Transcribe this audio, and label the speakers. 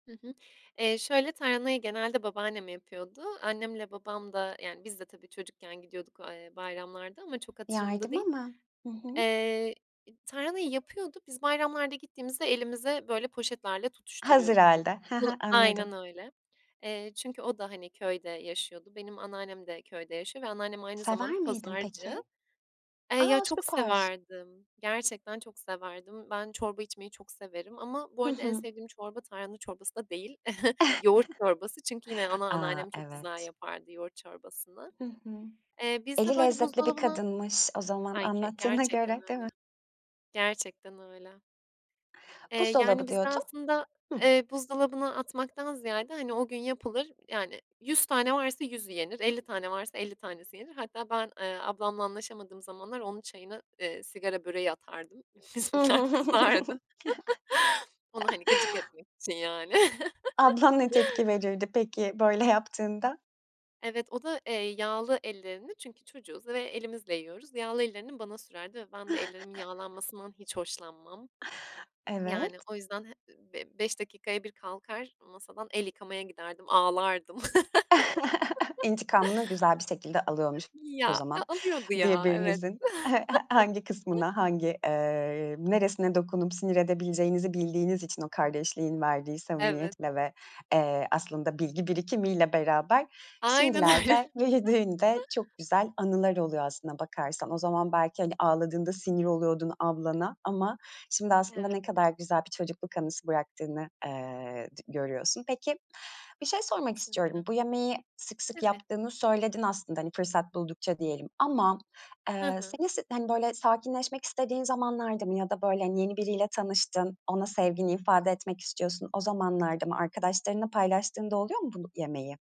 Speaker 1: Hı hı. Eee, şöyle, tarhanayı genelde babaannem yapıyordu. Annemle babam da yani biz de tabii, çocukken gidiyorduk a eee, bayramlarda ama çok hatırımda
Speaker 2: Yardıma
Speaker 1: değil.
Speaker 2: mı? Hı hı.
Speaker 1: Eee, tarhanayı yapıyordu, biz bayramlarda gittiğimizde elimize böyle poşetlerle
Speaker 2: Hazır
Speaker 1: tutuşturuyordu.
Speaker 2: hâlde, ha
Speaker 1: Bu
Speaker 2: ha, anladım.
Speaker 1: Aynen öyle. Eee, çünkü o da, hani, köyde yaşıyordu. Benim anneannem de köyde yaşıyor ve anneannem aynı zamanda
Speaker 2: Sever miydin
Speaker 1: pazarcı.
Speaker 2: peki?
Speaker 1: Eee, ya,
Speaker 2: A!
Speaker 1: çok
Speaker 2: Süper.
Speaker 1: severdim, gerçekten çok severdim. Ben çorba içmeyi çok severim ama bu
Speaker 2: Hı
Speaker 1: arada en
Speaker 2: hı.
Speaker 1: sevdiğim çorba tarhana çorbası da değil, yoğurt çorbası çünkü yine ana
Speaker 2: A!
Speaker 1: anneannem çok güzel
Speaker 2: Evet.
Speaker 1: yapardı yoğurt çorbasını.
Speaker 2: Hı hı.
Speaker 1: Eee, bizde,
Speaker 2: Eli
Speaker 1: böyle,
Speaker 2: lezzetli bir
Speaker 1: buzdolabına
Speaker 2: kadınmış o zaman,
Speaker 1: Ay, k
Speaker 2: anlattığına
Speaker 1: gerçekten
Speaker 2: göre, değil
Speaker 1: öyle,
Speaker 2: mi?
Speaker 1: gerçekten öyle. Eee, yani
Speaker 2: Buzdolabı
Speaker 1: bizde
Speaker 2: diyordun.
Speaker 1: aslında,
Speaker 2: Hıh.
Speaker 1: eee, buzdolabına atmaktan ziyade, hani, o gün yapılır yani 100 tane varsa 100'ü yenir, 50 tane varsa 50 tanesi yenir. Hatta ben, eee, ablamla anlaşamadığım zamanlar onun çayına, eee, sigara böreği atardım, bizimkiler kızardı. Onu, hani, gıcık etmek için yani.
Speaker 2: Ablan ne tepki verirdi peki böyle yaptığında?
Speaker 1: Evet, o da, eee, yağlı ellerini çünkü çocuğuz ve elimizle yiyoruz. Yağlı ellerini bana sürerdi ve ben de ellerimin yağlanmasından hiç hoşlanmam. Yani
Speaker 2: Evet.
Speaker 1: o yüzden h b beş dakikaya bir kalkar masadan, el yıkamaya giderdim, ağlardım.
Speaker 2: İntikamını güzel bir şekilde alıyormuş o
Speaker 1: Ya, a
Speaker 2: zaman.
Speaker 1: alıyordu ya, evet.
Speaker 2: Birbirinizin hangi kısmına, hangi, eee, neresine dokunup sinir edebileceğinizi bildiğiniz için o kardeşliğin verdiği
Speaker 1: Evet.
Speaker 2: samimiyetle ve, eee, aslında bilgi birikimiyle beraber,
Speaker 1: Aynen öyle.
Speaker 2: şimdilerde büyüdüğünde çok güzel anılar oluyor aslına bakarsan. O zaman belki, hani, ağladığında sinir oluyordun ablana ama şimdi aslında
Speaker 1: Evet.
Speaker 2: ne kadar güzel bir çocukluk anısı bıraktığını, eee, d görüyorsun. Peki, bir şey sormak
Speaker 1: Kesinlikle.
Speaker 2: istiyorum. Bu yemeği sık sık
Speaker 1: Tabii.
Speaker 2: yaptığını söyledin aslında, hani, fırsat buldukça diyelim ama,
Speaker 1: Hı
Speaker 2: eee,
Speaker 1: hı.
Speaker 2: seni s hani, böyle sakinleşmek istediğin zamanlarda mı ya da, böyle, hani, yeni biriyle tanıştın, ona sevgini ifade etmek istiyorsun, o zamanlarda mı arkadaşlarınla paylaştığın da oluyor mu bu yemeği?